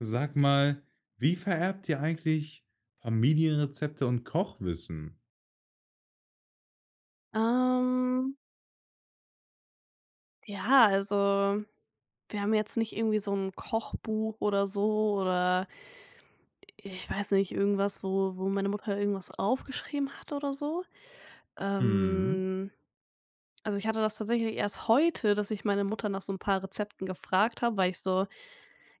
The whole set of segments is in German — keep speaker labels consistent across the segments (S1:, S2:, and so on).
S1: Sag mal, wie vererbt ihr eigentlich, Familienrezepte und Kochwissen?
S2: Ähm ja, also wir haben jetzt nicht irgendwie so 'n Kochbuch oder so oder, i ich weiß nicht, irgendwas, wo wo meine Mutter irgendwas aufgeschrieben hat oder so.
S1: Mhm.
S2: Ähm, also, ich hatte das tatsächlich erst heute, dass ich meine Mutter nach so 'n paar Rezepten gefragt habe, weil ich so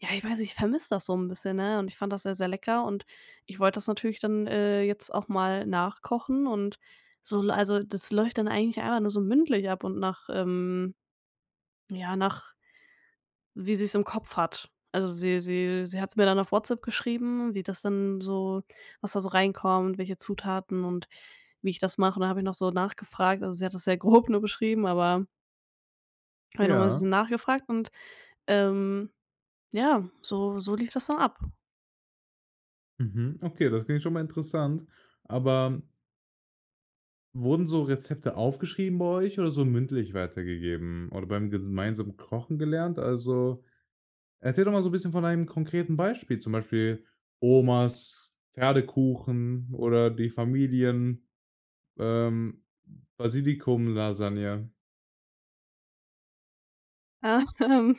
S2: ja, ich weiß nicht, ich vermisse das so 'n bisschen, ne, und ich fand das sehr sehr lecker und ich wollte das natürlich dann, äh, jetzt auch mal nachkochen und so also, das läuft dann eigentlich einfach nur so mündlich ab und nach ähm, ja, nach wie sie's im Kopf hat. Also, sie sie sie hat's mir dann auf WhatsApp geschrieben, wie das dann so was da so reinkommt, welche Zutaten und wie ich das mache. Und da habe ich noch so nachgefragt also sie hat das sehr grob nur beschrieben, aber dann habe ich noch mal 'n
S1: Ja.
S2: bisschen nachgefragt und, ähm, ja so so lief das dann ab.
S1: Mhm, okay, das klingt schon mal interessant. Aber wurden so Rezepte aufgeschrieben bei euch oder so mündlich weitergegeben oder beim gemeinsamen Kochen gelernt? Also, erzähl doch mal so 'n bisschen von einem konkreten Beispiel, zum Beispiel: „Omas Pferdekuchen“ oder „die Familien ähm, Basilikumlasagne.“
S2: Hm.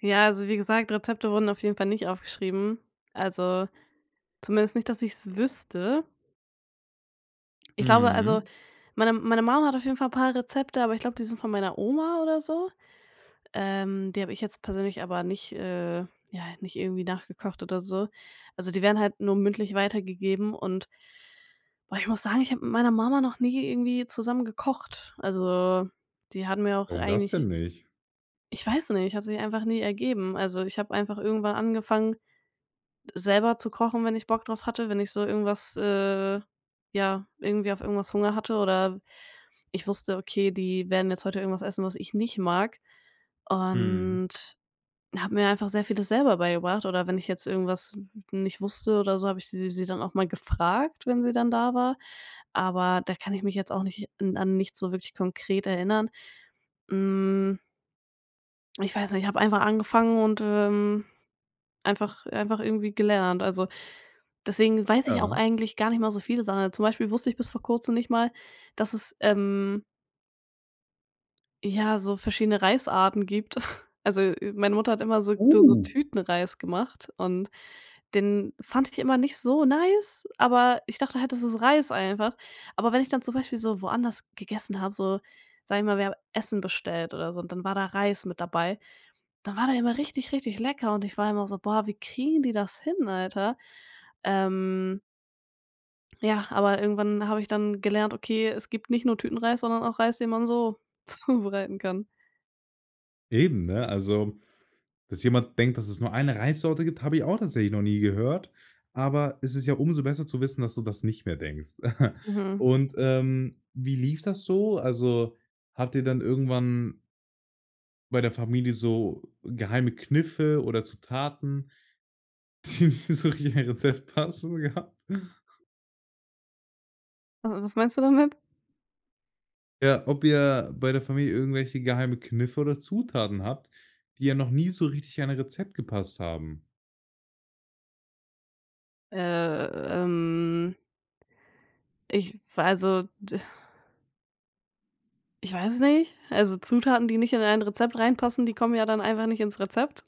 S2: Ja, also wie gesagt, Rezepte wurden auf jeden Fall nicht aufgeschrieben, also zumindest nicht, dass ich es wüsste. Ich glaube, also
S1: Mhm.
S2: meine meine Mum hat auf jeden Fall paar Rezepte, aber ich glaube, die sind von meiner Oma oder so. Ähm, die habe ich jetzt persönlich aber nicht äh, ja, nicht irgendwie nachgekocht oder so. Also, die werden halt nur mündlich weitergegeben und boah, ich muss sagen, ich habe mit meiner Mama noch nie irgendwie zusammen gekocht. Also, die hatte mir auch
S1: Warum das
S2: eigentlich
S1: denn nicht?
S2: ich weiß nicht, hat sich einfach nie ergeben. Also, ich habe einfach irgendwann angefangen, selber zu kochen, wenn ich Bock drauf hatte, wenn ich so irgendwas äh, ja, irgendwie auf irgendwas Hunger hatte oder ich wusste, okay, die werden jetzt heute irgendwas essen, was ich nicht mag
S1: Mhm.
S2: und habe mir einfach sehr vieles selber beigebracht oder wenn ich jetzt irgendwas nicht wusste oder so, habe ich sie sie dann auch mal gefragt, wenn sie dann da war, aber da kann ich mich jetzt auch nicht an an nichts so wirklich konkret erinnern, hm. Ich weiß nicht, ich habe einfach angefangen und, ähm, einfach einfach irgendwie gelernt. Also, deswegen weiß ich auch
S1: Ja.
S2: eigentlich gar nicht mal so viele Sachen, sondern zum Beispiel wusste ich bis vor kurzem nicht mal, dass es, ähm ja, so verschiedene Reisarten gibt. Also, meine Mutter hat immer so so
S1: Uh.
S2: Tütenreis gemacht und den fand ich immer nicht so nice, aber ich dachte halt, das ist Reis einfach. Aber wenn ich dann zum Beispiel so woanders gegessen habe, so, sage ich mal, wir haben Essen bestellt oder so und dann war da Reis mit dabei, dann war der immer richtig, richtig lecker und ich war immer so: Boah, wie kriegen die das hin, Alter? Ähm. Ja, aber irgendwann habe ich dann gelernt: „Okay, es gibt nicht nur Tütenreis, sondern auch Reis, den man so zubereiten kann.“
S1: Eben, ne? Also, dass jemand denkt, dass es nur 1 Reissorte gibt, habe ich auch tatsächlich noch nie gehört. Aber es ist ja umso besser zu wissen, dass du das nicht mehr denkst.
S2: Mhm.
S1: Und, ähm, wie lief das so? Also, hat dir dann irgendwann bei der Familie so geheime Kniffe oder Zutaten, die nicht so richtig in ein Rezept passen, gehabt?
S2: Also, was meinst du damit?
S1: Ja, ob ihr bei der Familie irgendwelche geheime Kniffe oder Zutaten habt, die ja noch nie so richtig ein Rezept gepasst haben?
S2: Ähm. Ich v also, d Ich weiß es nicht, also, Zutaten, die nicht in ein Rezept reinpassen, die kommen ja dann einfach nicht ins Rezept.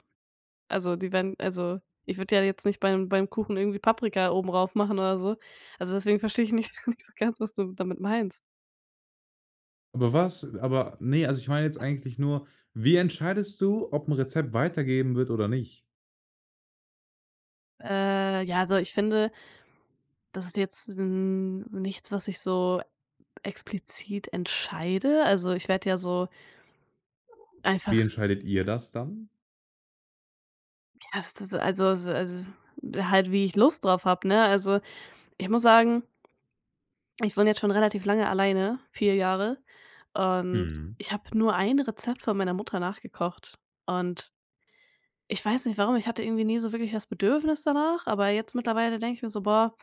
S2: Also, die werden also, ich würde ja jetzt nicht beim beim Kuchen irgendwie Paprika oben rauf machen oder so. Also, deswegen verstehe ich nicht so nicht so ganz, was du damit meinst.
S1: Aber was? Aber, ne, also, ich meine jetzt eigentlich nur, wie entscheidest du, ob 'n Rezept weitergeben wird oder nicht?
S2: Äh, ja so, ich finde das ist jetzt n nichts, was ich so explizit entscheide. Also, ich werde ja so
S1: Wie
S2: einfach
S1: entscheidet ihr das dann?
S2: Ja, ist das, also, so s halt wie ich Lust drauf habe, ne? Also, ich muss sagen, ich wohne jetzt schon relativ lange alleine, 4 Jahre, und
S1: Mhm.
S2: ich habe nur 1 Rezept von meiner Mutter nachgekocht und ich weiß nicht warum, ich hatte irgendwie nie so wirklich das Bedürfnis danach, aber jetzt mittlerweile denke ich mir so: Boah,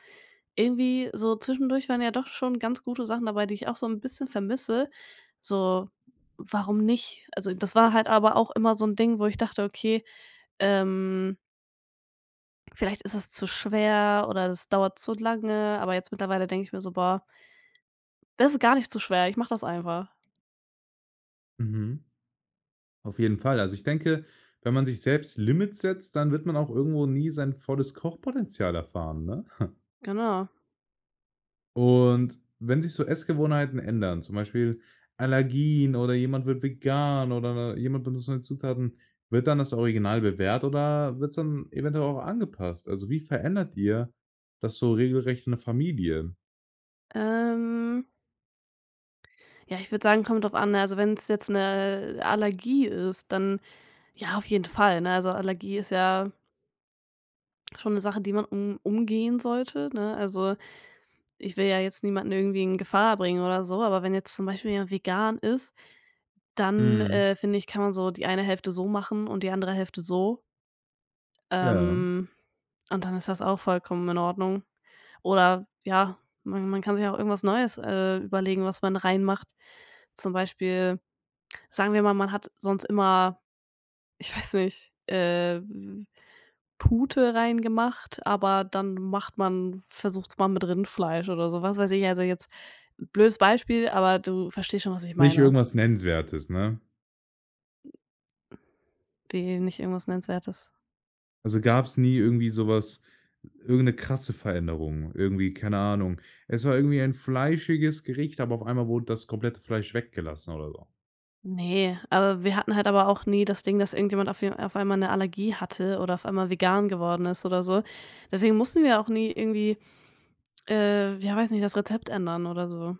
S2: irgendwie so zwischendurch waren ja doch schon ganz gute Sachen dabei, die ich auch so 'n bisschen vermisse, so, warum nicht? Also, das war halt aber auch immer so 'n Ding, wo ich dachte, okay, ähm vielleicht ist es zu schwer oder es dauert zu lange, aber jetzt mittlerweile denke ich mir so: „Boah" „das ist gar nicht zu schwer, ich mache das einfach.“
S1: Mhm. Auf jeden Fall. Also ich denke, wenn man sich selbst Limits setzt, dann wird man auch irgendwo nie sein volles Kochpotenzial erfahren, ne?
S2: Genau.
S1: Und, wenn sich so, Essgewohnheiten ändern, zum Beispiel: „Allergien“ oder jemand wird „vegan“ oder n n jemand benutzt neue Zutaten, wird dann das Original bewährt oder wird es dann eventuell auch angepasst? Also, wie verändert ihr das so regelrecht in der Familie?
S2: Ähm Ja, ich würde sagen, kommt drauf an, ne, also, wenn's jetzt 'ne Allergie ist, dann ja, auf jeden Fall, ne? Also, Allergie ist ja schon 'ne Sache, die man um umgehen sollte, ne? Also, ich will ja jetzt niemanden irgendwie in Gefahr bringen oder so, aber wenn jetzt zum Beispiel jemand vegan ist, dann,
S1: Mhm.
S2: äh, finde ich, kann man so die eine Hälfte so machen und die andere Hälfte so.
S1: Ja.
S2: Ähm, und dann ist das auch vollkommen in Ordnung. Oder ja, man man kann sich auch irgendwas Neues, äh, überlegen, was man reinmacht. Zum Beispiel, sagen wir mal, man hat sonst immer, ich weiß nicht, äh, v v Pute reingemacht, aber dann macht man versucht's mal mit Rindfleisch oder so, was weiß ich. Also, jetzt blödes Beispiel, aber du verstehst schon, was ich
S1: Nicht
S2: meine.
S1: irgendwas Nennenswertes, ne?
S2: Wie, nicht irgendwas Nennenswertes?
S1: Also, gab's nie irgendwie so was irgend 'ne krasse Veränderung irgendwie, keine Ahnung. Es war irgendwie ein fleischiges Gericht, aber auf einmal wurde das komplette Fleisch weggelassen oder so.
S2: Ne, aber wir hatten halt aber auch nie das Ding, dass irgendjemand auf w auf einmal 'ne Allergie hatte oder auf einmal vegan geworden ist oder so. Deswegen mussten wir auch nie irgendwie, äh, ja weiß nicht, das Rezept ändern oder so.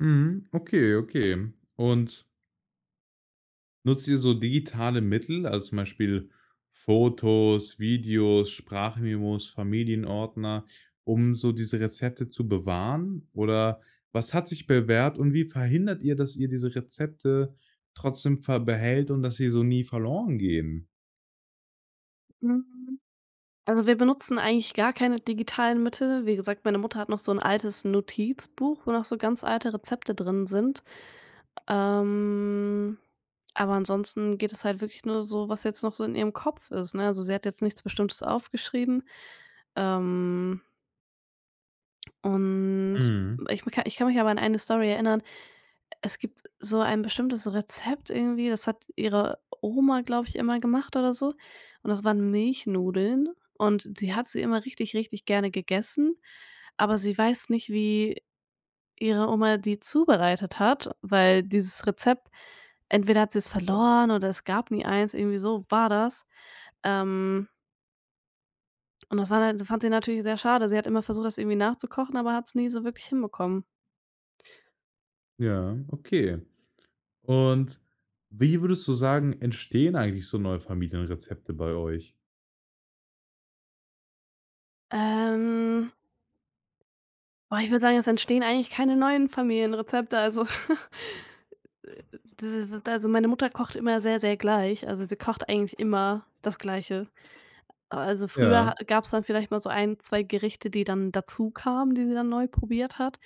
S1: Mhm, okay, okay. Und nutzt ihr so digitale Mittel, also, zum Beispiel Fotos, Videos, Sprachmemos, Familienordner, um so diese Rezepte zu bewahren? Oder, was hat sich bewährt und wie verhindert ihr, dass ihr diese Rezepte trotzdem ver behält und dass sie so nie verloren gehen?
S2: Hm. Also, wir benutzen eigentlich gar keine digitalen Mittel. Wie gesagt, meine Mutter hat noch so 'n altes Notizbuch, wo noch so ganz alte Rezepte drin sind. Ähm, aber ansonsten geht es halt wirklich nur so, was jetzt noch so in ihrem Kopf ist, ne? Also, sie hat jetzt nichts Bestimmtes aufgeschrieben. Ähm Und,
S1: Mhm.
S2: ich ich kann mich aber an eine Story erinnern. Es gibt so ein bestimmtes Rezept irgendwie, das hat ihre Oma, glaube ich, immer gemacht oder so und das waren Milchnudeln und die hat sie immer richtig, richtig gerne gegessen, aber sie weiß nicht, wie ihre Oma die zubereitet hat, weil dieses Rezept entweder hat sie's verloren oder es gab nie eins, irgendwie so war das. Ähm. Und das war da fand sie natürlich sehr schade. Sie hat immer versucht, das irgendwie nachzukochen, aber hat's nie so wirklich hinbekommen.
S1: Ja, okay. Und, wie würdest du sagen, entstehen eigentlich so neue Familienrezepte bei euch?
S2: Ähm boah, ich würde sagen, es entstehen eigentlich keine neuen Familienrezepte, also, äh, diese w also, meine Mutter kocht immer sehr, sehr gleich, also sie kocht eigentlich immer das Gleiche. Aber also,
S1: Ja.
S2: früher gab's dann vielleicht mal so 1, 2 Gerichte, die dann dazukamen, die sie dann neu probiert hat,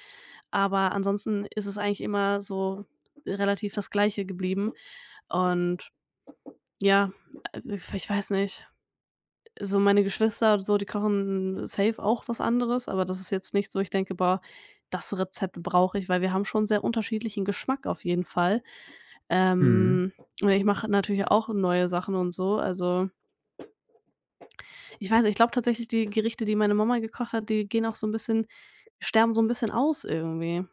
S2: aber ansonsten ist es eigentlich immer so relativ das Gleiche geblieben. Und ja, ich w weiß nicht, so meine Geschwister, so, die kochen safe auch was anderes, aber das ist jetzt nichts, wo ich denke: „Boah, das Rezept brauche ich“, weil wir haben schon sehr unterschiedlichen Geschmack auf jeden Fall.
S1: Mhm.
S2: Ähm, oder ich mache natürlich auch neue Sachen und so, also, ich weiß nicht, ich glaube tatsächlich, die Gerichte, die meine Mama gekocht hat, die gehen auch so 'n bisschen sterben so 'n bisschen aus irgendwie.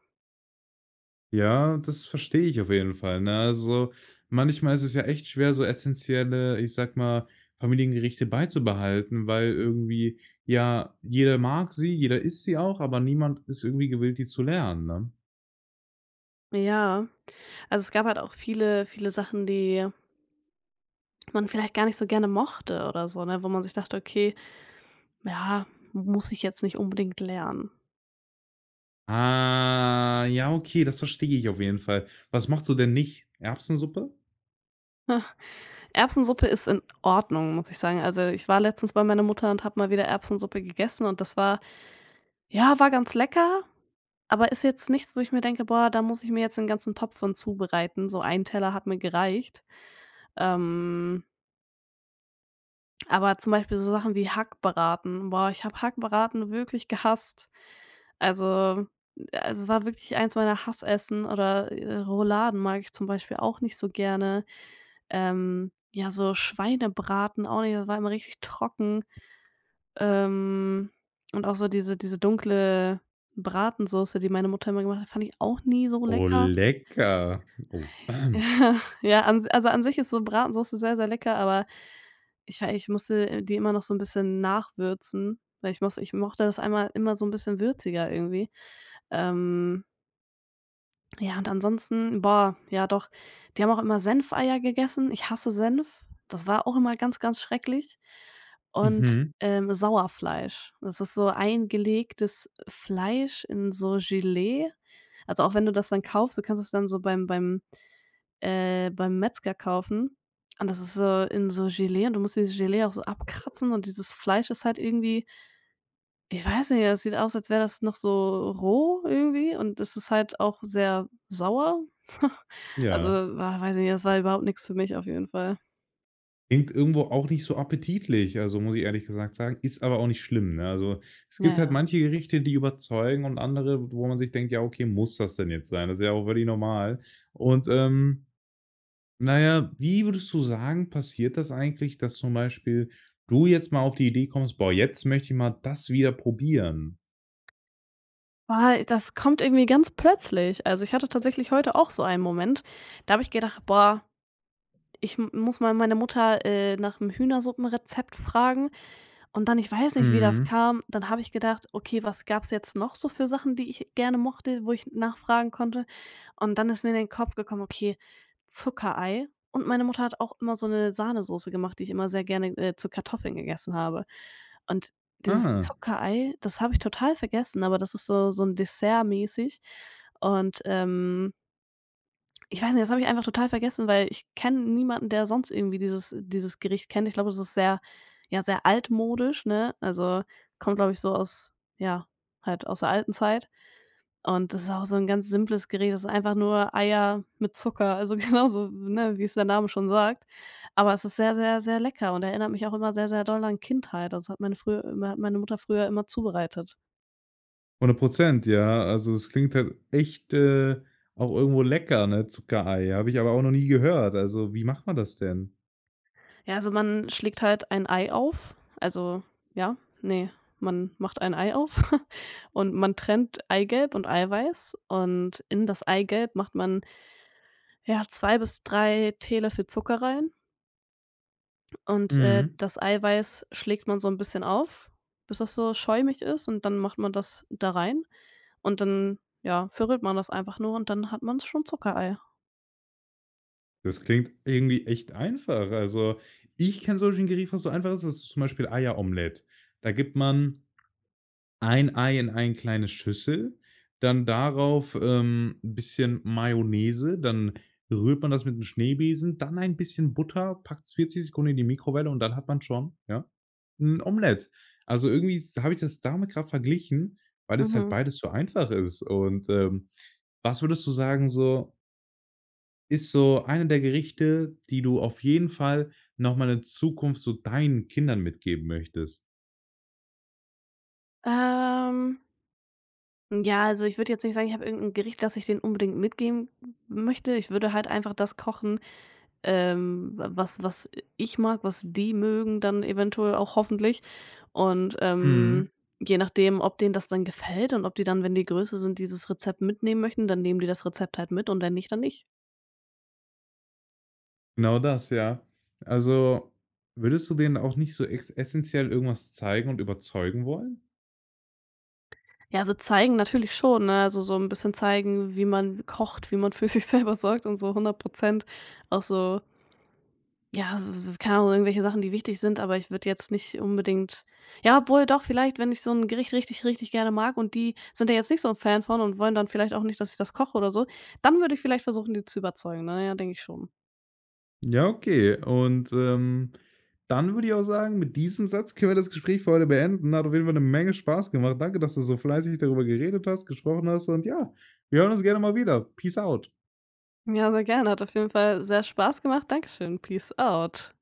S1: Ja, das verstehe ich auf jeden Fall, ne? Also, manchmal ist es ja echt schwer, so essentielle, ich sage mal, Familiengerichte beizubehalten, weil irgendwie ja, jeder mag sie, jeder isst sie auch, aber niemand ist irgendwie gewillt, die zu lernen, ne?
S2: Ja, also, es gab halt auch viele viele Sachen die man vielleicht gar nicht so gerne mochte oder so, ne? Wo man sich dachte: „Okay, ja, muss ich jetzt nicht unbedingt lernen.“
S1: Ah, ja, okay, das verstehe ich auf jeden Fall. Was mochtest du denn nicht? Erbsensuppe?
S2: Erbsensuppe ist in Ordnung, muss ich sagen. Also, ich war letztens bei meiner Mutter und habe mal wieder Erbsensuppe gegessen und das war ja, war ganz lecker, aber ist jetzt nichts, wo ich mir denke: „Boah, da muss ich mir jetzt den ganzen Topf von zubereiten.“ So 1 Teller hat mir gereicht. Ähm. Aber zum Beispiel so Sachen wie Hackbraten. Boah, ich habe Hackbraten wirklich gehasst. Also also, war wirklich eins meiner Hassessen oder, äh, Rouladen mag ich zum Beispiel auch nicht so gerne. Ähm, ja, so Schweinebraten auch nicht, da war immer richtig trocken. Ähm, und auch so diese diese dunkle Bratensoße, die meine Mutter immer gemacht hat, fand ich auch nie so
S1: Oh
S2: lecker.
S1: lecker. Oh.
S2: Ja, an also, an sich ist so Bratensoße sehr, sehr lecker, aber ich wei ich musste die immer noch so 'n bisschen nachwürzen, weil ich muss ich mochte das einmal immer so 'n bisschen würziger irgendwie. Ähm. Ja, und ansonsten boah, ja doch, die haben auch immer Senfeier gegessen. Ich hasse Senf. Das war auch immer ganz, ganz schrecklich. Und,
S1: Mhm.
S2: ähm, Sauerfleisch. Das ist so eingelegtes Fleisch in so Gelee. Also, auch wenn du das dann kaufst, du kannst es dann so beim beim äh, beim Metzger kaufen. Und das ist so in so Gelee und du musst dieses Gelee auch so abkratzen und dieses Fleisch ist halt irgendwie ich weiß nicht, es sieht aus, als wäre das noch so roh irgendwie und es ist halt auch sehr sauer. Also,
S1: Ja.
S2: war weiß ich nicht, das war überhaupt nix für mich auf jeden Fall.
S1: Klingt irgendwo auch nicht so appetitlich, also, muss ich ehrlich gesagt sagen. Ist aber auch nicht schlimm, ne? Also, es
S2: Ja,
S1: gibt halt
S2: ja.
S1: manche Gerichte, die überzeugen und andere, wo man sich denkt: „Ja, okay, muss das denn jetzt sein?“ Das ist ja auch völlig normal. Und, ähm, na ja, wie würdest du sagen, passiert das eigentlich, dass zum Beispiel du jetzt mal auf die Idee kommst: „Boah, jetzt möchte ich mal das wieder probieren?“
S2: Boah, das kommt irgendwie ganz plötzlich. Also, ich hatte tatsächlich heute auch so einen Moment, da habe ich gedacht: „Boah, ich m muss mal meine Mutter, äh, nach’m Hühnersuppenrezept fragen und dann ich weiß nicht, wie das
S1: Mhm.
S2: kam, dann habe ich gedacht: „Okay, was gab's jetzt noch so für Sachen, die ich gerne mochte, wo ich nachfragen konnte?“ Und dann ist mir in den Kopf gekommen: „Okay, Zuckerei.“ Und meine Mutter hat auch immer so 'ne Sahnesoße gemacht, die ich immer sehr gerne, äh, zu Kartoffeln gegessen habe. Und dieses
S1: Ah.
S2: Zuckerei, das habe ich total vergessen, aber das ist so so 'n dessertmäßig und, ähm ich weiß nicht, das habe ich einfach total vergessen, weil ich kenne niemanden, der sonst irgendwie dieses dieses Gericht kennt. Ich glaube, das ist sehr ja, sehr altmodisch, ne? Also, kommt, glaube ich, so aus ja, halt aus der alten Zeit. Und, das ist auch so 'n ganz simples Gericht. Das ist einfach nur Eier mit Zucker, also genauso, ne, wie's der Name schon sagt. Aber es ist sehr, sehr, sehr lecker und erinnert mich auch immer sehr, sehr doll an Kindheit. Also, es hat meine früher hat meine Mutter früher immer zubereitet.
S1: 100 %. Ja, also, das klingt halt echt, äh, auch irgendwo lecker, ne, Zuckerei. Habe ich aber auch noch nie gehört. Also, wie macht man das denn?
S2: Ja, also man schlägt halt ein Ei auf also, ja, ne, man macht ein Ei auf und man trennt Eigelb und Eiweiß und in das Eigelb macht man ja, 2 bis 3 Teelöffel Zucker rein und, äh,
S1: Mhm.
S2: das Eiweiß schlägt man so 'n bisschen auf, bis das so schäumig ist, und dann macht man das da rein und dann, ja, verrührt man das einfach nur und dann hat man's schon Zuckereier.
S1: Das klingt irgendwie echt einfach. Also, ich kenne solche Gerichte, was so einfach ist, das ist zum Beispiel Eieromelett. Da gibt man 1 Ei in ein kleine Schüssel, dann darauf, ähm, 'n bisschen Mayonnaise, dann rührt man das mit 'n Schneebesen, dann ein bisschen Butter, packt's 40 Sekunden in die Mikrowelle und dann hat man schon, ja, 'n Omelett. Also, irgendwie s habe ich das damit grad verglichen, weil das halt
S2: Mhm.
S1: beides so einfach ist. Und, ähm, was würdest du sagen so ist so einer der Gerichte, die du auf jeden Fall noch mal in Zukunft so deinen Kindern mitgeben möchtest?
S2: Ähm. Ja, also ich würde jetzt nicht sagen, ich habe irgend 'n Gericht, dass ich denen unbedingt mitgeben m möchte. Ich würde halt einfach das kochen, ähm, wa was was i ich mag, was die mögen dann eventuell auch hoffentlich und, ähm,
S1: Mhm.
S2: je nachdem, ob denen das dann gefällt und ob die dann, wenn die größer sind, dieses Rezept mitnehmen möchten, dann nehmen die das Rezept halt mit und wenn nicht, dann nicht.
S1: Genau das, ja. Also, würdest du denen auch nicht so ex essenziell irgendwas zeigen und überzeugen wollen?
S2: Ja, so zeigen natürlich schon, ne, also so 'n bisschen zeigen, wie man kocht, wie man für sich selber sorgt und so 100 % auch so ja, so w w keine Ahnung, irgendwelche Sachen, die wichtig sind. Aber ich würde jetzt nicht unbedingt ja obwohl, doch vielleicht! Wenn ich so 'n Gericht richtig, richtig gerne mag und die sind da jetzt nicht so Fan von und wollen dann vielleicht auch nicht, dass ich das koche oder so, dann würde ich vielleicht versuchen, die zu überzeugen. Na ja, denke ich schon.
S1: Ja, okay. Und, ähm, dann würde ich auch sagen, mit diesem Satz können wir das Gespräch für heute beenden. Hat auf jeden Fall 'ne Menge Spaß gemacht. Danke, dass du so fleißig darüber geredet hast, gesprochen hast und ja, wir hören uns gerne mal wieder. Peace out.
S2: Ja, sehr gerne. Hat auf jeden Fall sehr Spaß gemacht. Dankeschön. Peace out.